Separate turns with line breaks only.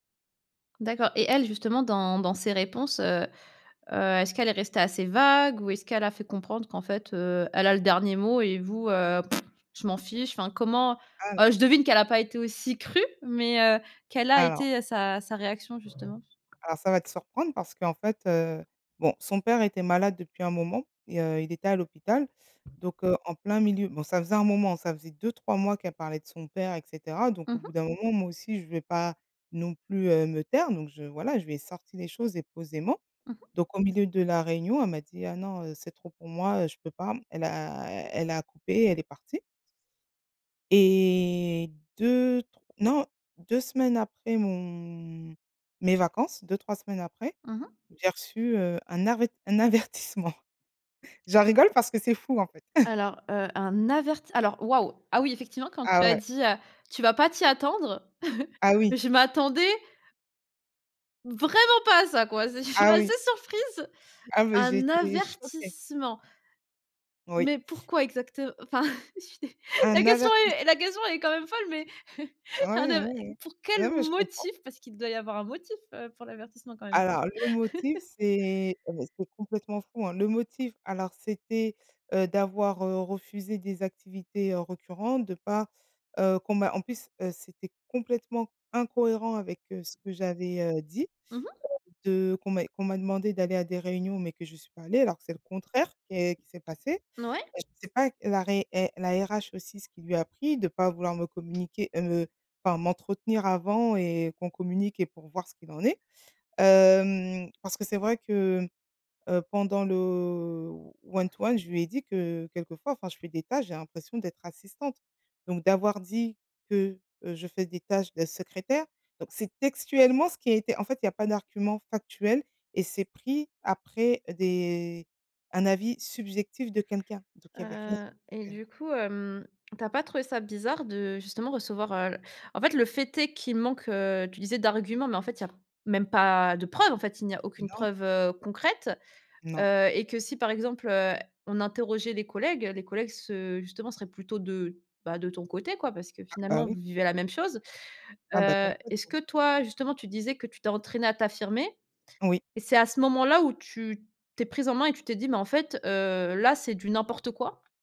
D'accord et elle, justement, dans dans ses réponses, heu heu, est-ce qu'elle est restée assez vague ou est-ce qu'elle a fait comprendre qu'en fait, heu, elle a le dernier mot et vous, heu, «je m'en fiche», enfin, comment oh,
Alors
je devine qu'elle a pas été aussi crue mais heu, quelle a
alors
été, heu, sa sa réaction justement?
alors ça va te surprendre parce qu'en fait, heu, bon, son père était malade depuis un moment et heu, il était à l'hôpital. Donc heu, en plein milieu, bon, ça faisait un moment, ça faisait 2-3 mois qu'elle parlait de son père et cetera. Donc
Mmh
au
mh.
bout d'un moment, moi aussi, je vais pas non plus, heu, me taire, donc je voilà, je lui ai sorti les choses et posément.
Mmh mh.
Donc au milieu de la réunion, elle m'a dit: «Ah! non, heu, c'est trop pour moi, heu, je peux pas». Elle a elle a coupé et elle est partie et 2 tr non, 2 semaines après mon mes vacances, 2-3 semaines après,
Mmh mh.
j'ai reçu, heu, un aret un avertissement. J'en rigole parce que c'est fou, en fait.
Alors, heu, un averti alors, waouh, ah, oui, effectivement quand
Ah,
tu as
ouais.
dit: «Heu, tu vas pas t'y attendre»,
Ah, oui.
je m'attendais vraiment pas à ça, quoi! C je suis
Ah,
assez
oui.
surprise.
Ah, mais j'ai
Un
été choquée.
avertissement.
Oui.
Mais pourquoi exact enfin? La
Un
question
avertiss
est la question, elle est quand même folle, mais
Ah,
un
oui, oui,
aver
oui, oui.
pour quel
Non, mais je comprends.
motif? Parce qu'il doit y avoir un motif, heu, pour l'avertissement, quand même?
Alors, le motif c'est, heu, c'est complètement fou, hein. Le motif, alors, c'était, heu, d'avoir, heu, refusé des activités récurrentes, de pas heu, qu'on m'a en plus, heu, c'était complètement incohérent avec, heu, ce que j'avais, heu, dit,
Mmh mh.
de qu'on m'a qu'on m'a demandé d'aller à des réunions mais que j'y suis pas allée alors que c'est le contraire qu'est qui s'est passé.
Mouais.
Je sais pas la ré eh la RH aussi, ce qui lui a a pris de pas vouloir me communiquer heu, enfin m'entretenir avant et qu'on communique et pour voir ce qu'il en est, hem, parce que c'est vrai que, heu, pendant le one-to-one, je lui ai dit que, quelquefois, enfin, je fais des tâches, j'ai l'impression d'être assistante. Donc d'avoir dit que, heu, je fais des tâches de secrétaire, donc c'est textuellement ce qui a été en fait, il y a pas d'argument factuel et c'est pris après des un avis subjectif de quelqu'un. Donc il y avait rien
Heu et
sur [unintelligible]
du coup, hem, tu as pas trouvé ça bizarre de, justement, recevoir, heu en fait, le fait est qu'il manque, heu, tu disais, d'arguments, mais en fait, il y a même pas de preuves. En fait, il n'y a aucune
Non.
preuve, heu, concrète,
Non.
heu et que si, par exemple, heu, on interrogeait les collègues, les collègues se justement, seraient plutôt de bah, de ton côté, quoi, parce que,
Ah, bah,
finalement, vous
oui.
vivez la même chose.
Ah, bah,
Heu, est-ce
complètement.
que, toi, justement, tu disais que tu t'es entraînée à t'affirmer
Oui.
et c'est à ce moment-là, où tu t'es prise en main et tu t'es dit: «Mais en fait, heu, là, c'est du n'importe quoi»?